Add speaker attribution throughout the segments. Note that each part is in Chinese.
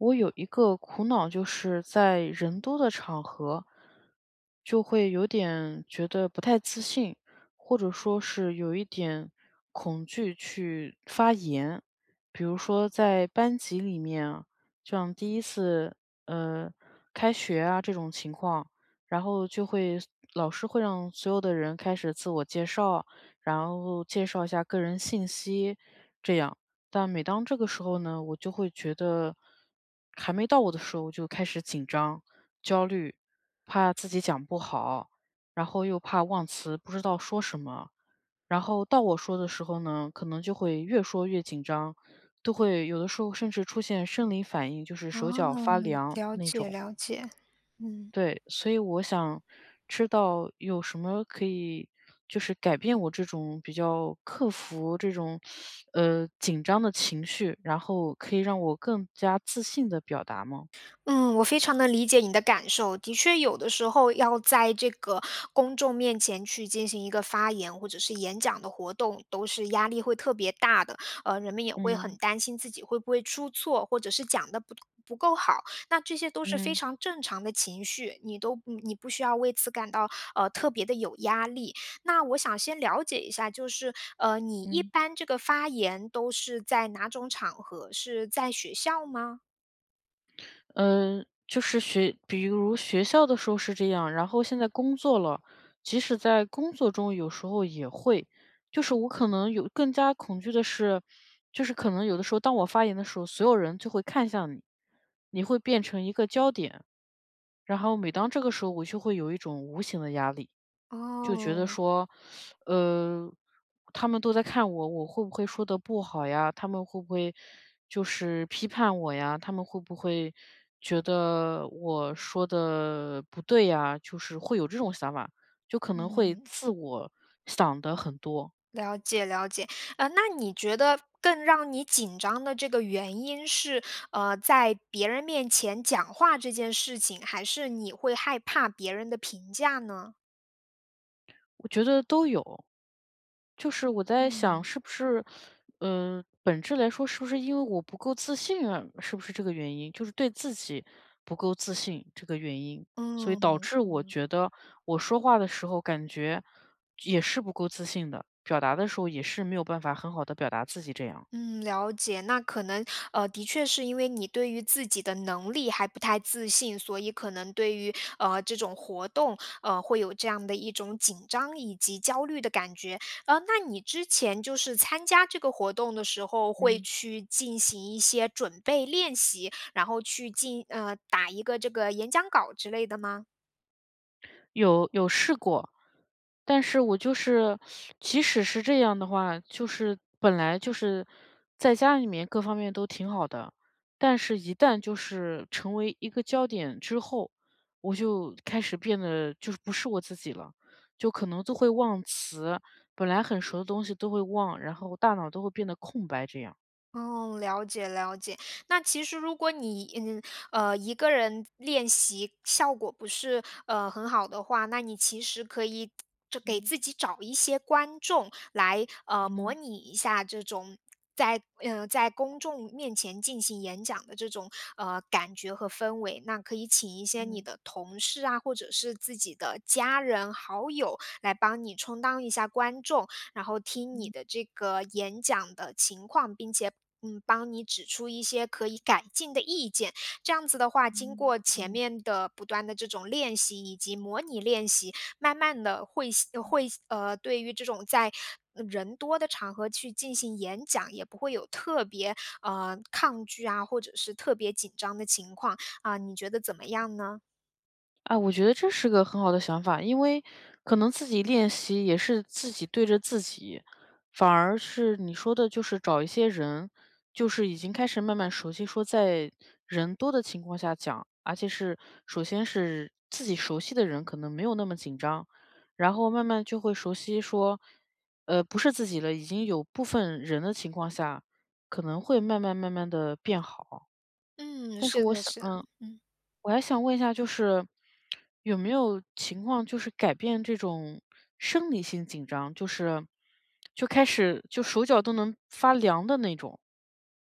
Speaker 1: 我有一个苦恼就是在人多的场合，就会有点觉得不太自信，或者说是有一点恐惧去发言。比如说在班级里面，就像第1次，呃，开学啊这种情况，然后就会老师会让所有的人开始自我介绍，然后介绍一下个人信息这样，但每当这个时候呢，我就会觉得还没到我的时候就开始紧张、焦虑，怕自己讲不好，然后又怕忘词，不知道说什么。然后到我说的时候呢，可能就会越说越紧张，都会有的时候甚至出现生理反应，就是
Speaker 2: 哦，
Speaker 1: 手脚发凉
Speaker 2: 了
Speaker 1: 那
Speaker 2: 解
Speaker 1: 种。
Speaker 2: 了解，嗯。
Speaker 1: 对，所以我想知道有什么可以就是改变我这种比较克服这种 呃，紧张的情绪，然后可以让我更加自信地表达吗？
Speaker 2: 嗯，我非常地理解你的感受，的确有的时候要在这个公众面前去进行一个发言或者是演讲的活动，都是压力会特别大的，呃，人们也会很
Speaker 1: 嗯。
Speaker 2: 担心自己会不会出错，或者是讲得不不够好，那这些都是非
Speaker 1: 嗯。
Speaker 2: 常正常的情绪，你都你你不需要为此感到，呃，特别地有压力。那我想先了解一下，就是，呃，你一
Speaker 1: 嗯。
Speaker 2: 般这个发言都是在哪种场合，是在学校吗？
Speaker 1: 嗯，就是学比如学校的时候是这样，然后现在工作了，即使在工作中有时候也会。就是我可能有更加恐惧的是，就是可能有的时候当我发言的时候，所有人就会看向你，你会变成一个焦点。然后每当这个时候我就会有一种无形的压力，就觉得
Speaker 2: 哦。
Speaker 1: 说，呃，他们都在看我，我会不会说得不好呀，他们会不会就是批判我呀，他们会不会觉得我说得不对呀，就是会有这种想法。就可能会
Speaker 2: 嗯。
Speaker 1: 自我想得很多。
Speaker 2: 了解了解。呃，那你觉得更让你紧张的这个原因是，呃，在别人面前讲话这件事情，还是你会害怕别人的评价呢？
Speaker 1: 我觉得都有。就是我在想
Speaker 2: 嗯。
Speaker 1: 是不是，嗯，本质来说是不是因为我不够自信啊？是不是这个原因，就是对自己不够自信这个原因。所以
Speaker 2: 嗯，
Speaker 1: 导致我
Speaker 2: 嗯。
Speaker 1: 觉得我说话的时候感觉也是不够自信的，表达的时候也是没有办法很好地表达自己这样。
Speaker 2: 嗯，了解，那可能，呃，的确是因为你对于自己的能力还不太自信，所以可能对于，呃，这种活动，呃，会有这样的一种紧张以及焦虑的感觉。呃，那你之前就是参加这个活动的时候，会
Speaker 1: 嗯。
Speaker 2: 去进行一些准备练习，然后去进呃，打一个这个演讲稿之类的吗？
Speaker 1: 有，有试过。但是我就是 即使是这样的话，就是本来就是在家里面各方面都挺好的，但是一旦就是成为一个焦点之后，我就开始变得就是不是我自己了，就可能就会忘词，本来很熟的东西都会忘，然后大脑都会变得空白这样。
Speaker 2: 哦，了解了解，那其实如果你，嗯，呃，一个人练习效果不是，呃，很好的话，那你其实可以就给
Speaker 1: 嗯。
Speaker 2: 自己找一些观众，来，呃，模
Speaker 1: 嗯。
Speaker 2: 拟一下这种在呃，在公众面前进行演讲的这种，呃，感觉和氛围。那可以请一些你
Speaker 1: 嗯。
Speaker 2: 的同事啊，或者是自己的家人、好友来帮你充当一下观众，然后听你
Speaker 1: 嗯。
Speaker 2: 的这个演讲的情况，并且，嗯，帮你指出一些可以改进的意见。这样子的话，经
Speaker 1: 嗯，
Speaker 2: 过前
Speaker 1: 嗯。
Speaker 2: 面的不断的这种练习以及模拟练习，慢慢地会吸呃，
Speaker 1: 嗯。
Speaker 2: 会呃，对于这种在，呃，人多的场合去进行演讲，也不会有特别，呃，抗拒啊，或者是特别紧张的情况。啊，你觉得怎么样呢？
Speaker 1: 啊，我觉得这是个很好的想法，因为可能自己练习也是自己对着自己，反而是你说的就是找一些人，就是已经开始慢慢熟悉说在人多的情况下讲，而且是首先是自己熟悉的人可能没有那么紧张，然后慢慢就会熟悉说呃不是自己了，已经有部分人的情况下，可能会慢慢慢慢地变好。
Speaker 2: 嗯，
Speaker 1: 但是
Speaker 2: 是
Speaker 1: 我
Speaker 2: 的
Speaker 1: 想
Speaker 2: 是的，
Speaker 1: 嗯
Speaker 2: 嗯。
Speaker 1: 我还想问一下就是 有没有情况就是改变这种生理性紧张？就是就开始就手脚都能发凉的那种。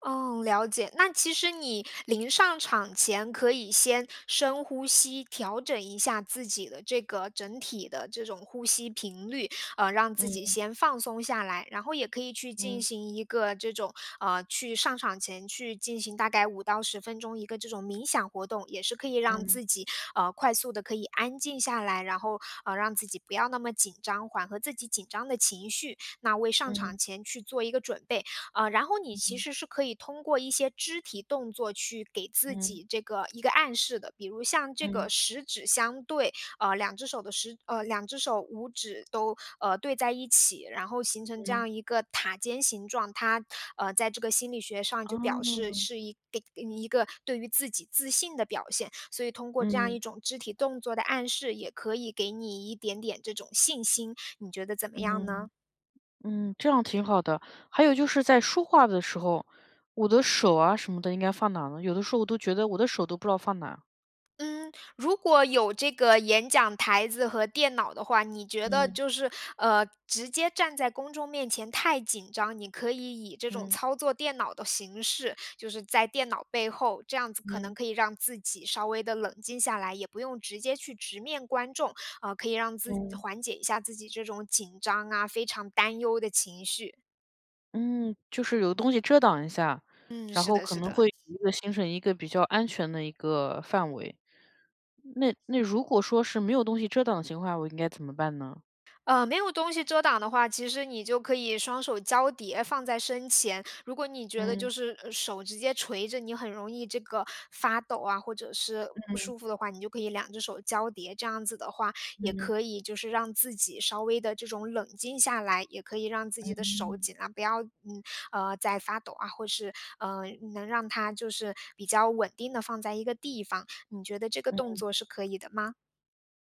Speaker 2: 哦，了解，那其实你临上场前，可以先深呼吸，调整一下自己的这个整体的这种呼吸频率，呃，让自己
Speaker 1: 嗯。
Speaker 2: 先放松下来，然后也可以去进
Speaker 1: 嗯。
Speaker 2: 行一个这种，呃去上场前去进行大概5到10分钟一个这种冥想活动，也是可以让
Speaker 1: 嗯。
Speaker 2: 自己呃快速地可以安静下来，然后呃让自己不要那么紧张，缓和自己紧张的情绪，那为上场
Speaker 1: 嗯
Speaker 2: 前去做一个准备。呃然后你
Speaker 1: 嗯
Speaker 2: 其
Speaker 1: 哼。
Speaker 2: 实是可以通过一些肢体动作去给自
Speaker 1: 嗯。
Speaker 2: 己这个一个暗示的。比如像这个
Speaker 1: 嗯。
Speaker 2: 食指相对，呃2只手的10呃2只手5指都对在一起，然后形成这
Speaker 1: 嗯。
Speaker 2: 样一个塔尖形状，它啊在这个心理学上就表示
Speaker 1: 哦。
Speaker 2: 是一给你一个对于自己自信的表现，所以通过这样
Speaker 1: 嗯。
Speaker 2: 一种肢体动作的暗示，也可以给你一点点这种信心，你觉得怎么样呢？
Speaker 1: 嗯嗯，这样挺好的，还有就是在说话的时候，我的手啊什么的应该放哪儿呢？有的时候我都觉得我的手都不知道放哪儿。
Speaker 2: 嗯，如果有这个演讲台子和电脑的话，你觉得
Speaker 1: 嗯。
Speaker 2: 就是呃直接站在公众面前太紧张，你可以以这种
Speaker 1: 嗯。
Speaker 2: 操作电脑的形式，就是在电脑背后，这样子可能
Speaker 1: 嗯。
Speaker 2: 可以让自己稍微地冷静下来，也不用直接去直面观众，呃可以让自己
Speaker 1: 嗯。
Speaker 2: 缓解一下自己这种紧张啊、非常担忧的情绪。
Speaker 1: 嗯，就是有东西遮挡一下，
Speaker 2: 嗯，
Speaker 1: 然
Speaker 2: 是
Speaker 1: 后
Speaker 2: 的
Speaker 1: 可
Speaker 2: 是
Speaker 1: 能
Speaker 2: 的。
Speaker 1: 会一个形成一个比较安全的一个范围。那那如果说是没有东西遮挡的情况，我应该怎么办呢？
Speaker 2: 呃没有东西遮挡的话，其实你就可以双手交叠放在身前。如果你觉得就
Speaker 1: 嗯。
Speaker 2: 是呃手直接垂着，你很容易这个发抖啊，或者是不
Speaker 1: 嗯。
Speaker 2: 舒服的话，你就可以2只手交叠，这样子的话，也
Speaker 1: 嗯。
Speaker 2: 可以就是让自己稍微地这种冷静下来，也可以让自己的手
Speaker 1: 嗯。
Speaker 2: 尽量不要嗯啊在发抖啊，或是呃能让它就是比较稳定地放在一个地方，你觉得这个动
Speaker 1: 嗯。
Speaker 2: 作是可以的吗？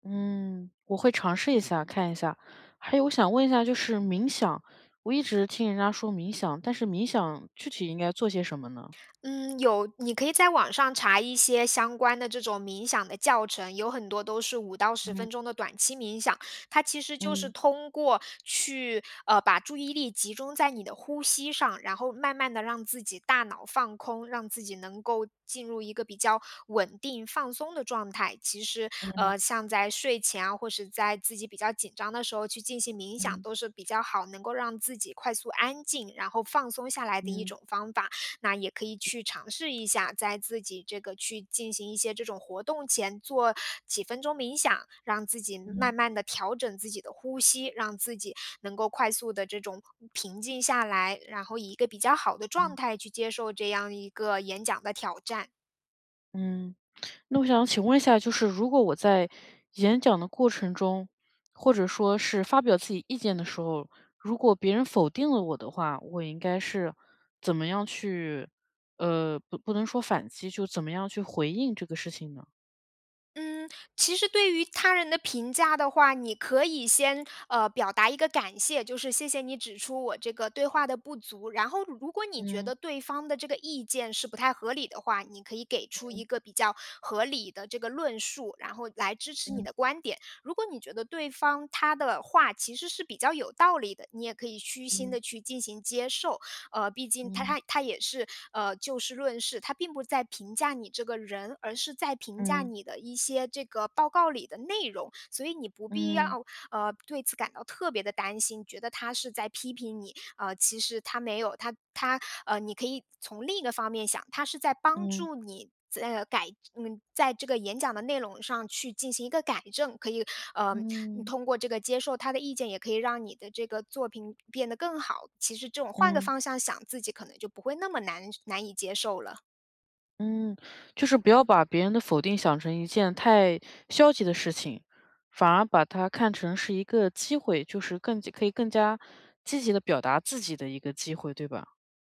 Speaker 1: 嗯，我会尝试一下，看一下。还有我想问一下就是冥想，我一直听人家说冥想，但是冥想具体应该做些什么呢？
Speaker 2: 嗯，有。你可以在网上查一些相关的这种冥想的教程，有很多都是5到10
Speaker 1: 嗯。
Speaker 2: 分钟的短期冥想。它其实就是
Speaker 1: 嗯。
Speaker 2: 通过去呃，把注意力集中在你的呼吸上，然后慢慢地让自己大脑放空，让自己能够进入一个比较稳定、放松的状态。其实，
Speaker 1: 嗯。
Speaker 2: 呃，像在睡前啊，或是在自己比较紧张的时候，去进行冥想，
Speaker 1: 嗯。
Speaker 2: 都是比较好，能够让自己快速安静，然后放松下来的一
Speaker 1: 嗯。
Speaker 2: 种方法。那也可以去尝试一下，在自己这个去进行一些这种活动前，做几分钟冥想，让自己嗯，慢
Speaker 1: 嗯。
Speaker 2: 慢地调整自己的呼吸，让自己能够快速地这种平静下来，然后以一个比较好的状
Speaker 1: 嗯。
Speaker 2: 态去接受这样一个演讲的挑战。
Speaker 1: 嗯，那我想请问一下，就是如果我在演讲的过程中，或者说是发表自己意见的时候，如果别人否定了我的话，我应该是怎么样去呃，不不能说反击，就怎么样去回应这个事情呢？
Speaker 2: 嗯，其实对于他人的评价的话，你可以先，呃，表达一个感谢，就是：“谢谢你指出我这个对话的不足。”然后，如果你觉
Speaker 1: 嗯。
Speaker 2: 得对方的这个意见是不太合理的话，你可以给出一
Speaker 1: 嗯。
Speaker 2: 个比较合理的这个论述，然后来支持你
Speaker 1: 嗯。
Speaker 2: 的观点。如果你觉得对方他的话其实是比较有道理的，你也可以虚心
Speaker 1: 嗯。
Speaker 2: 地去进行接受。呃，毕竟他
Speaker 1: 嗯。
Speaker 2: 他他也是，呃，就事论事，他并不在评价你这个人，而是在评价
Speaker 1: 嗯。
Speaker 2: 你的一些这个报告里的内容。所以你不必
Speaker 1: 嗯。
Speaker 2: 要，呃，对此感到特别地担心，觉得他是在批评你。呃，其实他没有，他他呃，你可以从另一个方面想，他是在帮
Speaker 1: 嗯。
Speaker 2: 助你在，呃，改嗯，在这个演讲的内容上去进行一个改正。可以，呃，嗯，
Speaker 1: 嗯。
Speaker 2: 通过这个接受他的意见，也可以让你的这个作品变得更好。其实这种换个
Speaker 1: 嗯。
Speaker 2: 方向想，自己可能就不会那么难受难以接受了。
Speaker 1: 嗯。就是不要把别人的否定想成一件太消极的事情，反而把它看成是一个机会，就是更加可以更加积极地表达自己的一个机会，对吧？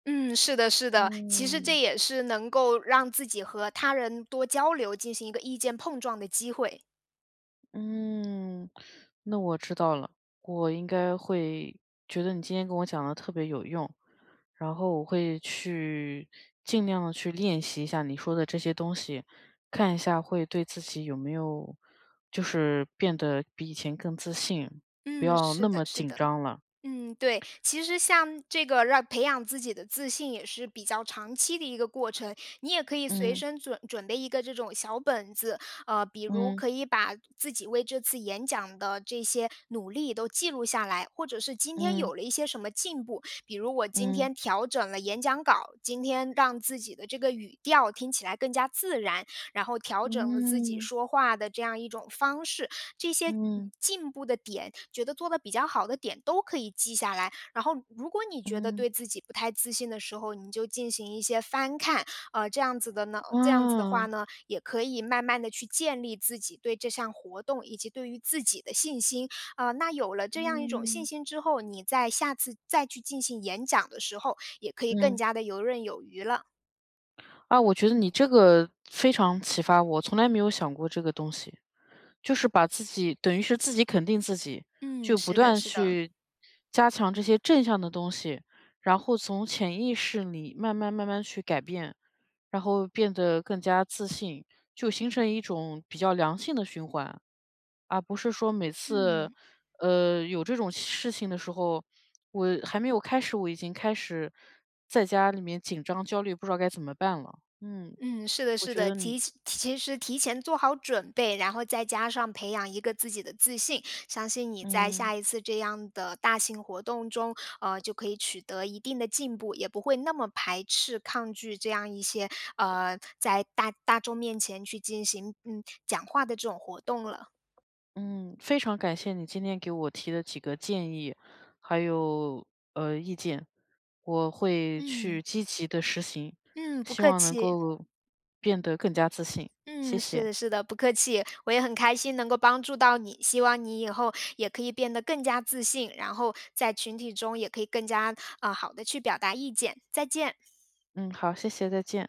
Speaker 2: 嗯，是的是的。其实这
Speaker 1: 嗯。
Speaker 2: 也是能够让自己和他人多交流，进行一个意见碰撞的机会。
Speaker 1: 嗯，那我知道了，我应该会觉得你今天跟我讲的特别有用，然后我会去尽量地去练习一下你说的这些东西，看一下会对自己有没有就是变得比以前更自信，不
Speaker 2: 嗯，
Speaker 1: 要那
Speaker 2: 是的
Speaker 1: 么
Speaker 2: 是
Speaker 1: 紧
Speaker 2: 的。
Speaker 1: 张了。
Speaker 2: 嗯，对，其实像这个让培养自己的自信也是比较长期的一个过程，你也可以随
Speaker 1: 嗯。
Speaker 2: 身准准备一个这种小本子。呃，比如
Speaker 1: 嗯。
Speaker 2: 可以把自己为这次演讲的这些努力都记录下来，或者是今天
Speaker 1: 嗯。
Speaker 2: 有了一些什么进步，比如我今
Speaker 1: 嗯。
Speaker 2: 天调整了演讲稿，今天让自己的这个语调听起来更加自然，然后调整了自己
Speaker 1: 嗯。
Speaker 2: 说话的这样一种方式。这些
Speaker 1: 嗯。
Speaker 2: 进步的点、觉得做的比较好的点，都可以记下来。然后如果你觉得
Speaker 1: 嗯。
Speaker 2: 对自己不太自信的时候，你就进行一些翻看。呃，这样子的呢呃，这样子的
Speaker 1: 哦。
Speaker 2: 话呢，也可以慢慢地去建立自己对这项活动，以及对于自己的信心。呃，那有了这样一种信
Speaker 1: 嗯。
Speaker 2: 心之后，你再下次再去进行演讲的时候，也可以更
Speaker 1: 嗯。
Speaker 2: 加地游刃有余了。
Speaker 1: 啊，我觉得你这个非常启发我，从来没有想过这个东西。就是把自己等于是自己肯定自己，
Speaker 2: 嗯，
Speaker 1: 就不
Speaker 2: 是的，
Speaker 1: 断
Speaker 2: 是的。
Speaker 1: 去加强这些正向的东西，然后从潜意识里慢慢慢慢去改变，然后变得更加自信，就形成一种比较良性的循环。而不是说每次，
Speaker 2: 嗯。
Speaker 1: 呃，有这种事情的时候，我还没有开始，我已经开始在家里面紧张焦虑，不知道该怎么办了，嗯，
Speaker 2: 嗯，是的
Speaker 1: 我
Speaker 2: 是
Speaker 1: 觉
Speaker 2: 的，
Speaker 1: 得
Speaker 2: 提
Speaker 1: 你
Speaker 2: 是其实提前做好准备，然后再加上培养一个自己的自信，相信你在
Speaker 1: 嗯。
Speaker 2: 下一次这样的大型活动中，呃，就可以取得一定的进步，也不会那么排斥、抗拒这样一些呃，在大大众面前去进行，嗯，讲话的这种活动了。
Speaker 1: 嗯，非常感谢你今天给我提的几个建议，还有，呃，意见。我会去
Speaker 2: 嗯。
Speaker 1: 积极地实行，
Speaker 2: 嗯，不
Speaker 1: 希
Speaker 2: 客
Speaker 1: 望能
Speaker 2: 气。
Speaker 1: 够变得更加自信，谢
Speaker 2: 嗯，是
Speaker 1: 谢。
Speaker 2: 的是的，不客气，我也很开心能够帮助到你，希望你以后也可以变得更加自信，然后在群体中也可以更加，呃，好的去表达意见，再见。
Speaker 1: 嗯，好，谢谢，再见。